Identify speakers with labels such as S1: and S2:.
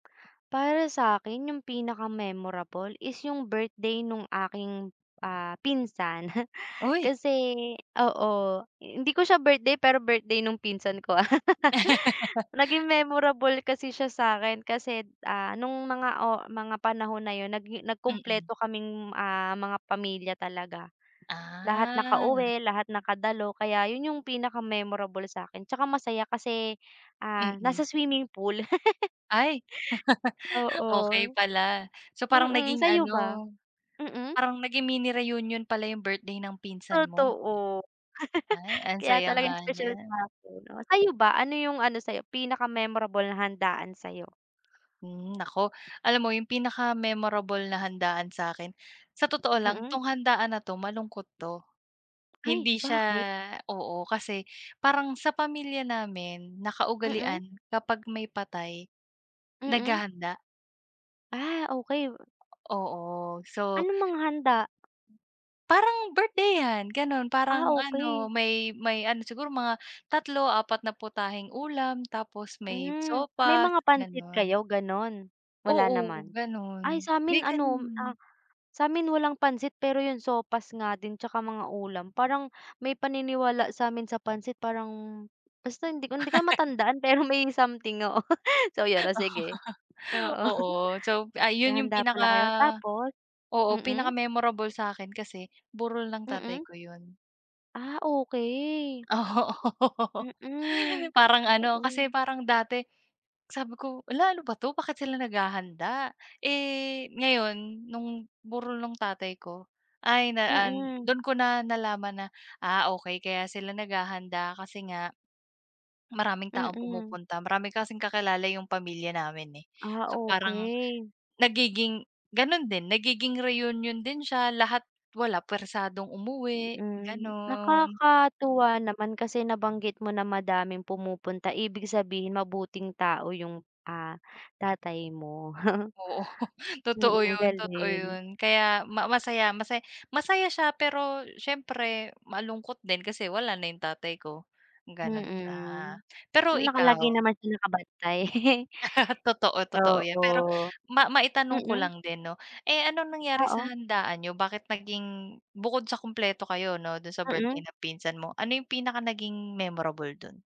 S1: Para sa'kin 'yung pinaka-memorable is 'yung birthday nung aking, ah, pinsan.
S2: Uy!
S1: Kasi oo, hindi ko siya birthday pero birthday nung pinsan ko. Naging memorable kasi siya sa'kin kasi, ah, nung mga oh mga panahon na 'yun nagi
S2: Mm.
S1: nagkumpleto kaming ah, mga pamilya talaga. Lahat
S2: Ah.
S1: nakauwi, lahat nakadalo, kaya 'yun 'yung pinaka-memorable sa'kin tsaka masaya kasi, ah,
S2: Mm.
S1: nasa swimming pool.
S2: Ay,
S1: Oo,
S2: okey pala. So, parang
S1: mm,
S2: naging
S1: sa'yo ba?
S2: ano
S1: Mm.
S2: parang naging mini-reunion pala 'yung birthday ng pinsan mo.
S1: Totoo.
S2: Ay, ang
S1: Kaya
S2: saya nga
S1: talagang special
S2: niyan.
S1: sa'kin. Oh, sa'yo ba, ano 'yung ano sa'yo pinaka-memorable na handaan sa'yo?
S2: Hmm, nako, alam mo 'yung pinaka-memorable na handaan sa'kin sa totoo lang,
S1: Mm.
S2: 'tong handaan na 'to malungkot 'to.
S1: Ay,
S2: Hindi siya,
S1: bakit?
S2: oo, kasi parang sa pamilya namin
S1: Mm.
S2: nakaugalian kapag may patay,
S1: Mm.
S2: naghahanda.
S1: Ah, okey.
S2: Oo, so.
S1: Anong mga handa?
S2: Parang birthday-han gano'n
S1: Ah,
S2: parang ano,
S1: okey.
S2: may may ano, siguro mga tatlo, apat na putaheng ulam, tapos may
S1: Hmm, may
S2: sopas
S1: mga pansit
S2: gano'n.
S1: kayo gano'n, wala
S2: Oo,
S1: naman.
S2: gano'n,
S1: Ay, sa'min
S2: may
S1: ano, ah,
S2: gano'n.
S1: sa'min walang pansit pero 'yung sopas nga din tsaka mga ulam, parang may paniniwala sa'min sa pansit parang basta hindi ko hindi ko na matandaan pero may something, oo, so 'yon o sige. Oo,
S2: Oo, so ay, 'yun 'yung
S1: naghahanda
S2: pinaka
S1: pala kayo tapos,
S2: oo,
S1: mm.
S2: pinaka-memorable sa'kin kasi burol ng tatay
S1: Mm.
S2: ko 'yun.
S1: Ah, okey.
S2: Oo,
S1: Mm,
S2: parang ano,
S1: oo.
S2: kasi parang dati sabi ko, "Hala ano ba 'to, bakit sila naghahanda?" Eh, ngayon no'ng burol ng tatay ko, ay na an
S1: Mm.
S2: dun ko na nalaman na, ah, okey kaya sila naghahanda kasi nga, maraming taong
S1: Mm.
S2: pumupunta. Marami kasing kakilala 'yung pamilya namin, eh,
S1: Ah,
S2: so parang
S1: okey.
S2: nagiging gano'n din nagiging reunion din siya lahat wala, puwersadong umuwi
S1: Hmm,
S2: gano'n.
S1: nakakatuwa naman kasi nabanggit mo na madaming pumupunta. Ibig sabihin mabuting tao 'yung, ah, tatay mo.
S2: Oo, totoo
S1: Mm,
S2: 'yun totoo
S1: galing.
S2: 'yun. Kaya ma masaya masaya, masaya siya pero siyempre malungkot din kasi wala na 'yung tatay ko, gano'n siya.
S1: Mm.
S2: Pero
S1: Hmm, palagi
S2: ikaw?
S1: naman siya nakabantay.
S2: Totoo, totoo 'yan, pero
S1: Oo,
S2: ma maitanong ko
S1: mm.
S2: lang din 'no. Eh, anong nangyari sa
S1: Oo.
S2: handaan niyo, bakit naging bukod sa kumpleto kayo 'no do'n sa birthday
S1: Mm.
S2: ng pinsan mo, ano 'yung pinaka naging memorable do'n?